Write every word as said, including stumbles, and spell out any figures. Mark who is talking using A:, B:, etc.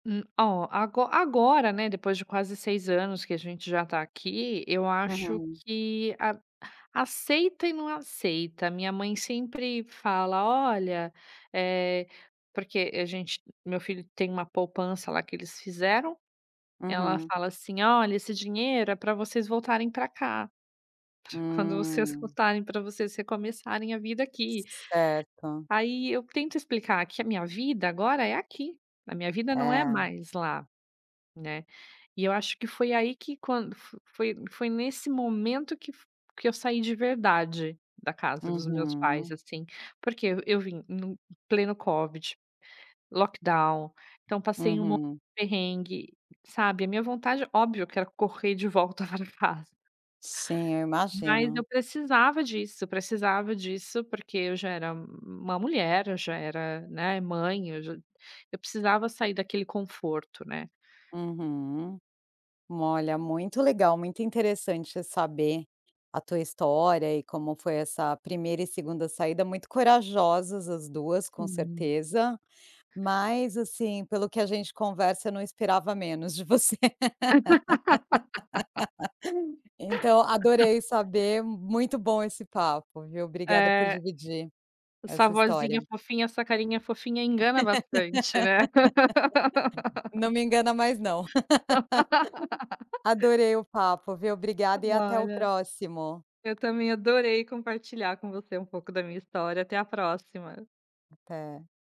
A: Hum, ó, ago agora, né, depois de quase seis anos que a gente já tá aqui, eu acho
B: Uhum.
A: que a aceita e não aceita, a minha mãe sempre fala: "Olha", eh, porque a gente meu filho tem uma poupança lá que eles fizeram, ela
B: Uhum.
A: fala assim: "Olha, esse dinheiro é pra vocês voltarem para cá. Para quando vocês
B: Hum.
A: voltarem, pra vocês recomeçarem a vida aqui".
B: Certo.
A: Aí eu tento explicar que a minha vida agora é aqui, a minha vida não é
B: É.
A: mais lá, né, e eu acho que foi aí que quando foi foi nesse momento que f que eu saí de verdade, da casa dos meus pais,
B: Uhum.
A: assim. Porque eu vim em pleno COVID, lockdown, então, passei um monte
B: Uhum.
A: perrengue, sabe? A minha vontade, óbvio, quero correr de volta pra casa.
B: Sim, eu
A: Mas eu
B: imagino.
A: precisava disso, precisava disso, porque eu já era uma mulher, eu já era, né, mãe, eu já eu precisava sair daquele conforto, né?
B: Uhum. Olha, muito legal, muito interessante saber a tua história e como foi essa primeira e segunda saída, muito corajosas as duas, com
A: Sim.
B: certeza, mas assim pelo que a gente conversa não esperava menos de você. Então adorei saber, muito bom esse papo, viu? Obrigada por
A: É.
B: dividir,
A: Essa
B: essa história.
A: vozinha fofinha, essa carinha fofinha engana bastante, né?
B: Não me engana mais não. Adorei o papo viu, obrigada e até o
A: Olha.
B: próximo.
A: Eu também adorei compartilhar com você um pouco da minha história, até a próxima.
B: Até.